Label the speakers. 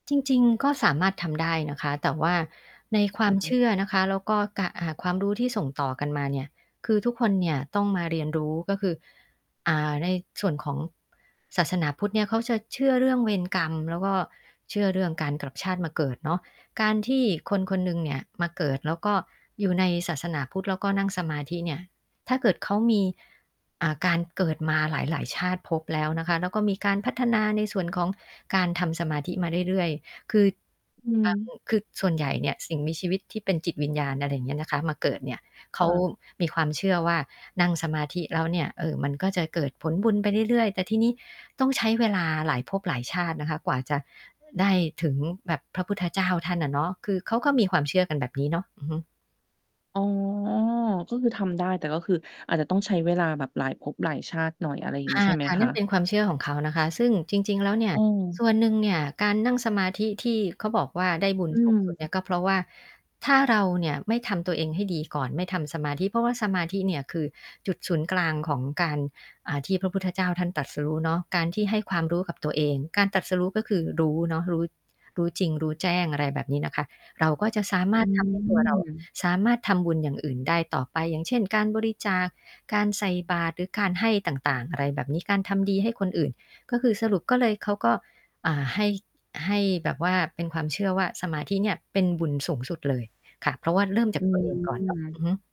Speaker 1: จริง ๆ ก็สามารถทำได้นะคะ แต่ว่าในควา
Speaker 2: อ
Speaker 1: มเช
Speaker 2: ือ
Speaker 1: ื่อนะคะ แล้วก็ กะ อ่า ความรู้ที่ส่งต่อกันมาเนี่ย คือทุกคนเนี่ยต้องมาเรียนรู้ ก็คือ อ่า ในส่วนของศาสนาพุทธเนี่ยเขาจะเชื่อเรื่องเวรกรรมแล้วก็เชื่อเรื่องการกลับชาติมาเกิดเนาะ การที่คน ๆ หนึ่งเนี่ยมาเกิด แล้วก็อยู่ในศาสนาพุทธแล้วก็นั่งสมาธิเนี่ยถ้าเกิดเขามี อ่า การเกิดมาหลาย ๆ ชาติภพแล้วนะคะ แล้วก็มีการพัฒนาในส่วนของการทำสมาธิมาเรื่อย ๆ คือ
Speaker 2: อื
Speaker 1: อ อื
Speaker 2: ม
Speaker 1: ม คือส่วนใหญ่เนี่ยสิ่งมีชีวิตที่เป็นจิตวิญญาณ อะไรอย่างเงี้ยนะคะ มาเกิดเนี่ย เข
Speaker 2: ค
Speaker 1: า
Speaker 2: ่ะ
Speaker 1: มีความเชื่อว่านั่งสมาธิแล้วเนี่ย เออ มันก็จะเกิดผลบุญไปเรื่อย ๆ แต่ทีนี้ต้องใช้เวลาหลายภพหลายชาตินะคะ กว่าจะได้ถึงแบบพระพุทธเจ้าท่านอะเนาะ คือเขาก็มีความเชื่อกันแบบนี้เนาะ อือฮึ
Speaker 2: อ๋อ ก็คือทำได้ แต่ก็คืออาจจะต้องใช้เวลาแบบหลายภพหลายชาติหน่อย อะไรอย่าง
Speaker 1: ค
Speaker 2: งี
Speaker 1: ่
Speaker 2: ้ใช่ไหม
Speaker 1: ะ ๆ
Speaker 2: ค
Speaker 1: นั่นเป
Speaker 2: ะ?
Speaker 1: ็นความเชื่อของเขานะคะ ซึ่งจริง ๆ แล้วเนี่
Speaker 2: อ
Speaker 1: ย
Speaker 2: ื
Speaker 1: ส
Speaker 2: ม
Speaker 1: ่วนหนึ่งเนี่ยการนั่งสมาธิที่เขาบอกว่า ได้บุญ
Speaker 2: อื
Speaker 1: สูงสุด เนี่
Speaker 2: ม
Speaker 1: ยก็เพราะว่า ถ้าเราเนี่ยไม่ทำตัวเองให้ดีก่อน ไม่ทำสมาธิ เพราะว่าสมาธิเนี่ยคือจุดศูนย์กลางของการ อ่า ที่พระพุทธเจ้าท่านตรัสรู้เนาะ การที่ให้ความรู้กับตัวเอง การตรัสรู้ก็คือ รู้เนาะ รู้ รู้จริงรู้แจ้ง อะไรแบบนี้นะคะ เราก็จะสาม
Speaker 2: อ
Speaker 1: า
Speaker 2: ื
Speaker 1: รถ ทำให้ตัวเรา
Speaker 2: ม
Speaker 1: สามารถทำบุญอย่างอื่นได้ต่อไป อย่างเช่น การบริจาค การใส่บาตรหรือการให้ต่าง ๆ อะไรแบบนี้ การทำดีให้คนอื่น ก็คือสรุปก็เลย เขาก็ อ่า ให้ ให้แบบว่าเป็นความเชื่อว่า สมาธิเนี่ยเป็นบุญสูงสุดเลยค่ะ เพราะว่าเริ่มจ
Speaker 2: อ
Speaker 1: า
Speaker 2: ื
Speaker 1: ก ตัวเอง ก่อน
Speaker 2: ม
Speaker 1: อือฮึ